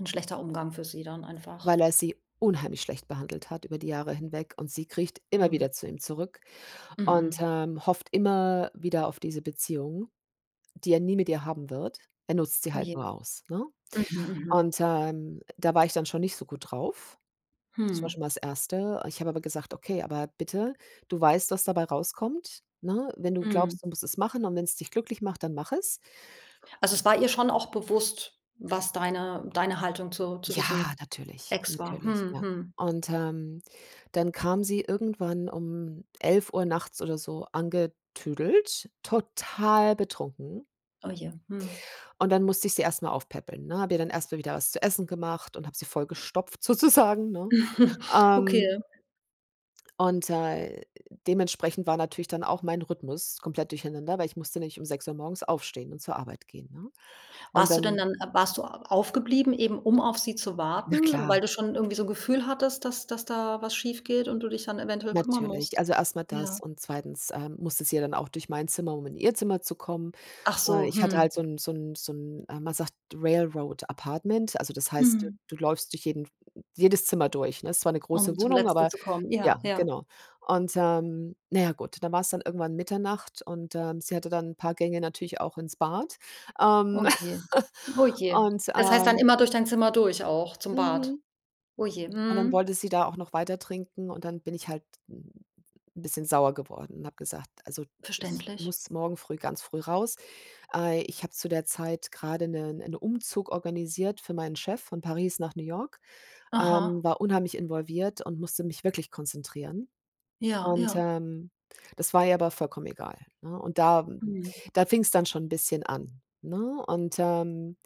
'N schlechter Umgang für sie dann einfach. Weil er sie unheimlich schlecht behandelt hat über die Jahre hinweg und sie kriecht immer Mhm. wieder zu ihm zurück und, Mhm. ähm, hofft immer, wieder auf diese Beziehung, die er nie mit ihr haben wird. Er nutzt sie Oh halt je. nur aus, ne, Mhm. Mhm. und, ähm, äh, da war ich dann schon nicht so gut drauf. Das war schon Mhm. mal das 1., erste ich habe aber gesagt: „Okay, aber bitte, du weißt, was dabei rauskommt, ne? Wenn du Mhm. glaubst, du musst es machen und wenn's dich glücklich macht, dann mach es.“ Also, es war ihr schon auch bewusst, was deine deine Haltung zu zu Ja, diesem natürlich, Ex war. natürlich, Mhm, ja, mhm. und, ähm, dann kam sie irgendwann um 11:00 nachts oder so angetüdelt, total betrunken. Oh, je, mhm. Und dann musste ich sie erst mal aufpäppeln, ne? Habe ihr dann erst mal wieder was zu essen gemacht und habe sie vollgestopft sozusagen, ne? Okay. Ähm und, äh, dementsprechend war natürlich dann auch meine Rhythmus komplett durcheinander, weil ich musste nämlich um 6:00 morgens aufstehen und zur Arbeit gehen, ne, und Warst du dann dann a warst du au aufgeblieben, eben um auf sie zu Na warten, weil klar. du schon irgendwie so 'n Gefühl hattest, dass dass da etwas schiefgeht und du dich dann eventuell kümmern Natürlich, musst? also, erst mal Ja. das und 2., äh, musste sie ja dann auch durch meine Zimmer, um in ihr Zimmer zu kommen. Achso, Äh, ich hatte hm. halt so 'n so 'n so 'n, äh, man sagt Rail Road Apartment. Also, das heißt, Mhm. du läufst durch jeden f jedes Zimmer durch, ne? Es war 'ne große Um zum Wohnung, Letzten aber zu kommen, ja, ja, ja. genau, und, ähm, na ja, gut, dann war's dann irgendwann Mitternacht und, ähm, sie hatte dann 'n paar Gänge natürlich auch ins Bad, Oh ähm, je. Oh je. und Das heißt dann immer durch dein Zimmer durch auch zum Bad? Mhm, Oh je. und dann Mhm. wollte sie da auch noch weiter trinken und dann bin ich halt 'n bisschen sauer geworden und habe gesagt: „Also ich Verständlich. muss morgen früh ganz früh raus. Äh, ich habe zu der Zeit grade 'ne 'nen Umzug organisiert für meinen Chef von Paris nach New York, ähm, Aha. war unheimlich involviert und musste mich wirklich konzentrieren Ja, und, ja. ähm, das war ihr aber vollkommen egal, ne, und da, m Mhm. da fing's dann schon 'n bisschen an, ne und, ähm,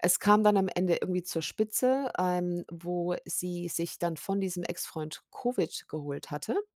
es kam dann am Ende irgendwie zur Spitze, ähm, wo sie sich dann von diesem Ex-Freund Covid geholt hatte.